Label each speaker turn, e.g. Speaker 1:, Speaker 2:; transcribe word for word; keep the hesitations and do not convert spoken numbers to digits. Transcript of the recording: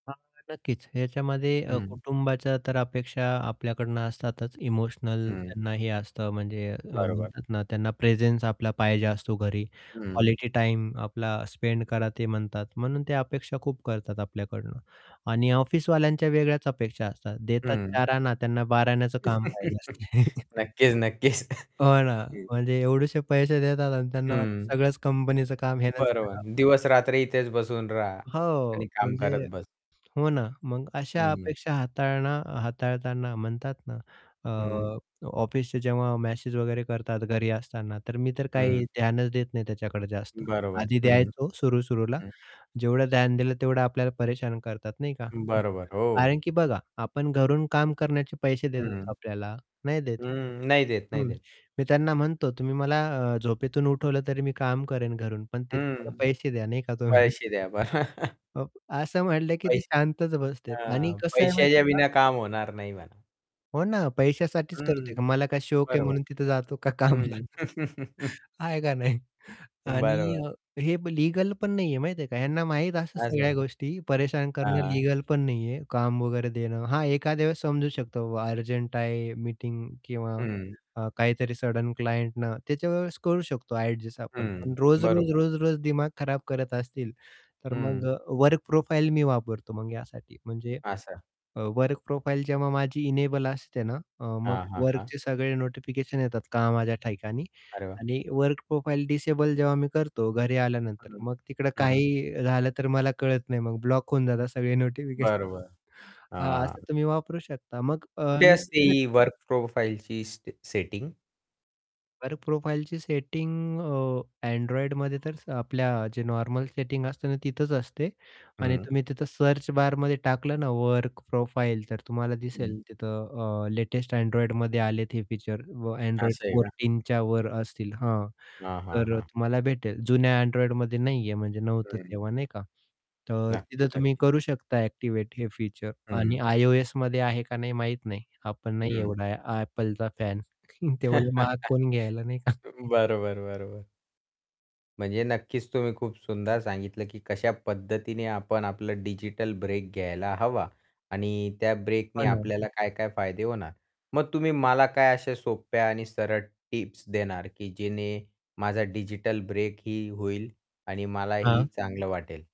Speaker 1: हां, नक्कीच. याच्यामध्ये अ,
Speaker 2: हं.
Speaker 1: कुटुंबाच्या तर अपेक्षा आपल्याकडनं असतातच इमोशनल
Speaker 2: हं.
Speaker 1: त्यांना हे असतं म्हणजे अ,
Speaker 2: बरोबर.
Speaker 1: म्हणतात ना, त्यांना प्रेझेन्स आपला पाहिजे असतो घरी
Speaker 2: हं.
Speaker 1: क्वालिटी टाईम आपला स्पेंड करा ते म्हणतात म्हणून ते अपेक्षा खूप करतात आपल्याकडून आणि ऑफिसवाल्यांच्या वेगळ्याच अपेक्षा असतात, देतात
Speaker 2: हं.
Speaker 1: चार आणा त्यांना बाराण्याचं काम पाहिजे असते.
Speaker 2: नक्कीच, नक्कीच.
Speaker 1: हो ना,
Speaker 2: हं.
Speaker 1: म्हणजे एवढेसे पैसे देतात अन् त्यांना
Speaker 2: हं.
Speaker 1: वाटतं सगळंच कंपनीचं काम ह्यानेच
Speaker 2: बरोबर.
Speaker 1: करावं.
Speaker 2: दिवस-रात्री इथेच बसून राहा
Speaker 1: हो,
Speaker 2: आणि काम
Speaker 1: म्हणजे
Speaker 2: करत बस.
Speaker 1: हो ना, मग अशा
Speaker 2: हं.
Speaker 1: अपेक्षा हाताळन हाताळताना म्हणतात ना, अ,
Speaker 2: हं.
Speaker 1: अ, ऑफिसचे जेव्हा मॅसेज वगैरे करतात घरी असताना तर मी तर काही
Speaker 2: हं.
Speaker 1: ध्यानच देत नाही त्याच्याकडे जास्त.
Speaker 2: बरोबर,
Speaker 1: आधी
Speaker 2: हं,
Speaker 1: द्यायचं सुरू सुरूला,
Speaker 2: हं.
Speaker 1: जेवढं ध्यान दिलं तेवढं आपल्याला परेशान करतात नाही का.
Speaker 2: बरोबर,
Speaker 1: कारण
Speaker 2: हो.
Speaker 1: की बघा आपण घरून काम करण्याचे पैसे देतात का
Speaker 2: हं.
Speaker 1: आपल्याला? नाही देत.
Speaker 2: हं, नाही देत, नाही
Speaker 1: हं,
Speaker 2: देत.
Speaker 1: मी त्यांना म्हणतो, "तुम्ही मला अ, झोपेतून उठवलं तरी मी काम करेन घरून पण त्याचे मला
Speaker 2: हं,
Speaker 1: पैसे द्या नाही का" "तुम्ही."
Speaker 2: पैसे द्या बरं
Speaker 1: अ, असं म्हटलं की ते
Speaker 2: पैसे
Speaker 1: शांतच बसतात आणि
Speaker 2: हां,
Speaker 1: कसं आहे माहिती
Speaker 2: पैशाच्या
Speaker 1: आहे का
Speaker 2: बिना काम होणार नाही म्हणा.
Speaker 1: हो ना, पैश्यासाठीच
Speaker 2: हं,
Speaker 1: करतोय, मला काय शौक आहे
Speaker 2: बरोबर.
Speaker 1: म्हणून तिथे जातो का कामला?
Speaker 2: हं.
Speaker 1: आहे का नाही आणि
Speaker 2: बरोबर.
Speaker 1: अ, हे लीगल पण नाही आहे माहिती आहे का? ह्यांना माहीत असं
Speaker 2: असं.
Speaker 1: सगळ्या गोष्टी परेशान करणं
Speaker 2: हां.
Speaker 1: लीगल पण नाहीये, काम वगैरे देणं. हां, एखाद्या वेळेस समजू शकतो बाबा अर्जंट आहे मीटिंग किंवा
Speaker 2: हं.
Speaker 1: अ, काहीतरी सडन क्लायंट ना त्या वेळेस करू शकतो ॲडजस्ट आपण. पण
Speaker 2: हं,
Speaker 1: रोज-रोज,
Speaker 2: बरोबर.
Speaker 1: रोज-रोज दिमाग खराब करत असतील तर मग
Speaker 2: हं.
Speaker 1: अ, वर्क प्रोफाइल मी वापरतो मग यासाठी म्हणजे
Speaker 2: असं.
Speaker 1: अ, वर्क प्रोफाइल जेव्हा माझी इनेबल असते ना अ, मग
Speaker 2: हां, हां, हां.
Speaker 1: वर्कचे सगळे नोटिफिकेशन येतात कामाच्या ठिकाणी
Speaker 2: अरे वाह!
Speaker 1: आणि वर्क प्रोफाइल डिसेबल जेव्हा मी करतो घरी आल्यानंतर
Speaker 2: हं.
Speaker 1: मग तिकडे
Speaker 2: हं.
Speaker 1: काहीही झालं तर मला कळत नाही मग ब्लॉक होऊन जातात सगळे नोटिफिकेशन.
Speaker 2: बरोबर,
Speaker 1: हां,
Speaker 2: हां.
Speaker 1: असं तुम्ही वापरू शकता. मग अ
Speaker 2: कुठे असते ही
Speaker 1: [unintelligible]
Speaker 2: वर्क प्रोफाइलची स सेटिंग?
Speaker 1: वर्क प्रोफाइलची सेटिंग अ, Androidमध्ये तर स आपल्या जे नॉर्मल सेटिंग असते ना, तिथंच असते आणि
Speaker 2: हं.
Speaker 1: तुम्ही तिथं सर्च बारमध्ये टाकलं ना वर्क प्रोफाइल तर तुम्हाला दिसेल
Speaker 2: हं.
Speaker 1: तिथं अ, लेटेस्ट Androidमध्ये आलेत हे फीचर व Android
Speaker 2: असं आहे का?
Speaker 1: फोर्टीन च्या वर असतील हां,
Speaker 2: हां, हां,
Speaker 1: तर अ,
Speaker 2: हां.
Speaker 1: तुम्हाला भेटेल जुन्या Androidमध्ये नाहीये म्हणजे नव्हतं
Speaker 2: हं.
Speaker 1: तेव्हा नाही का. तर
Speaker 2: नक्की,
Speaker 1: तिथं तुम्ही
Speaker 2: नक्कीच.
Speaker 1: करू शकता ॲक्टिव्हेट हे फीचर आणि
Speaker 2: हं.
Speaker 1: iOSमध्ये आहे का नाही माहीत नाही. आपण नाही
Speaker 2: हं.
Speaker 1: एवढा आहे आ Appleचा. फॅन तेवढे महाग कोणी घ्यायला नाही का.
Speaker 2: बरोबर, बरोबर. म्हणजे नक्कीच तुम्ही खूप सुंदर सांगितलं की कशा पद्धतीने आपण आपलं डिजिटल ब्रेक घ्यायला हवा आणि त्या
Speaker 1: हो
Speaker 2: ब्रेकने
Speaker 1: ना.
Speaker 2: आपल्याला काय-काय फायदे होणार. मग तुम्ही मला काय अशा सोप्या आणि सरळ टिप्स देणार की जेणे माझा डिजिटल ब्रेक ही होईल आणि मलाही
Speaker 1: हां.
Speaker 2: चांगलं वाटेल.